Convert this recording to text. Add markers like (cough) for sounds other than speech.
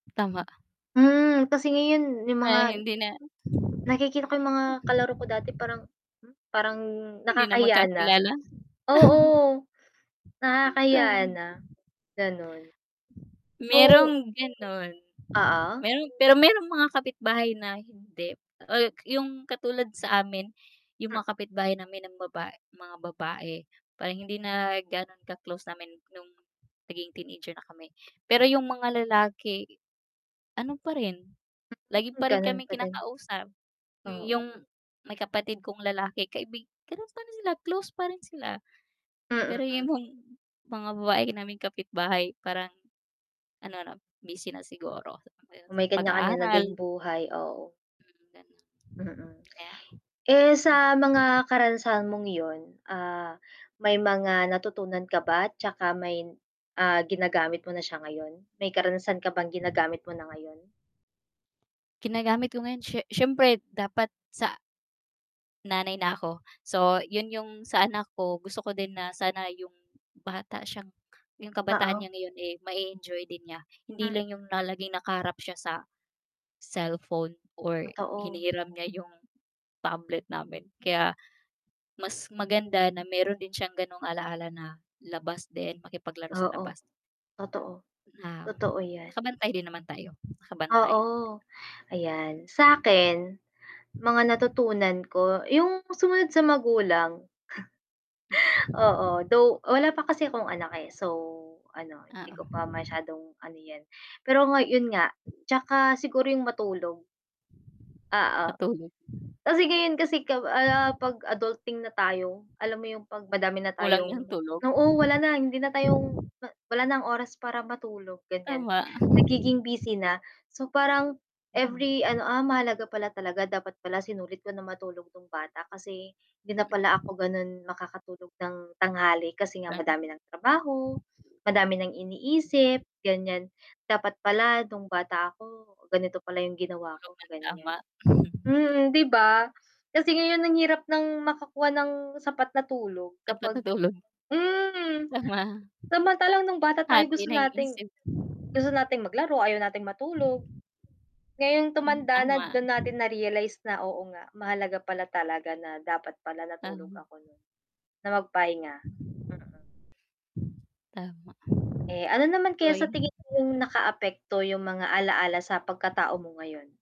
Tama. Mm, kasi ngayon, 'yong Ngayon mga hindi na nakikita ko 'yong mga kalaro ko dati parang, hmm, parang hindi na nakakahiyaya na. magkakilala. (chuckles) Oo. Hmm, Nakakahiya tama. na. Ganon. So Mayroong ganon. Oo. Mayroon pero mayroong mga kapitbahay na hindi. Ay, 'yong katulad sa amin, 'yong Ha mga kapitbahay namin ng baba mga babae, parang hindi na ganon ka-close namin no'ng naging teenager na kami. Pero 'yong mga lalaki, ano pa rin, lagi Hmm, pa rin ganon kaming pa din. kinakausap. Hmm, 'yong Oo. may kapatid kong lalaki kaibig ganon pa rin nila, close pa rin sila. Pero Mm. imong mga babae naming kapitbahay parang ano na, busy na siguro, sa (unintelligible) May kanya-kanya na ding pag-aaral. buhay, oo. Mm, ganon. Mm. Kaya Eh, sa mm, mga karanasan mong 'yon, ah, may mga natutunan ka ba, 'tsaka may ah, ginagamit mo na siya ngayon? May karanasan ka bang ginagamit mo na ngayon? Ginagamit ko ngayon, sye syempre dapat sa (unintelligible) Nanay na ako so, 'yon 'yong sa anak ko gusto ko din na sana 'yong bata siyang 'yong kabataan Oo. niya ngayon, eh, mae-enjoy din niya. Hindi Mm. lang 'yong na laging nakaharap siya sa cellphone or Totoo. hinihiram niya 'yong tablet namin. Kaya mas maganda na mayroon din siyang ganong alaala na labas din, makipaglaro sa Oo. labas Totoo, na Totoo na 'yan. nakabantay rin naman tayo, nakabantay. Oo, ayan. Sa'kin, mga natutunan ko, 'yong sumunod sa magulang. Mm. (chuckles) Oo, though wala pa kasi akong anak, eh, so ano, Ah, hindi oo. ko pa masyadong ano 'yan. Pero nga 'yon nga, (unintelligible) 'tsaka siguro 'yong matulog. Oo. Matulog. Kasi ngayon kasi kapa ano, 'pag adulting na tayo, alam mo 'yong 'pag madami na Kulang tayong 'yong tulog? oo, wala na, hindi na tayong (giggles) ma wala ng oras para matulog, ganiyan. Tama. Ako Nagiging rin. busy na, so parang Hinahon. every ano, "Ah, mahalaga pala talaga, dapat pala sinulit ko nang matulog no'ng bata, kasi hindi na pala ako Mm. ganon makakatulog ng tanghali kasi nga Marami. madami ng trabaho, madami ng iniisip." (unintelligible) ganiyan. Dapat pala no'ng bata ako, ganito pala 'yong ginawa Tulog ko, nang ganiyan. tama. (chuckles) Mm, 'di ba? Kasi ngayon ang hirap ng makakuha ng sapat na tulog Dapat kapag natulog. hmm. Baba Samantalang no'ng bata tayo Hati gusto naiinis, nating eh. gusto nating maglaro, ayaw nating matulog. Ngayong Mm, tumanda na, tama. doon natin na-realize na, "Oo, nga, mahalaga pala talaga na dapat pala natulog Tama. ako noon, na magpahinga." Mm. Tama. Eh, ano naman kaya sa tingin Drawing. mo 'yong nakaapekto, 'yong mga alaala sa pagkatao mo ngayon?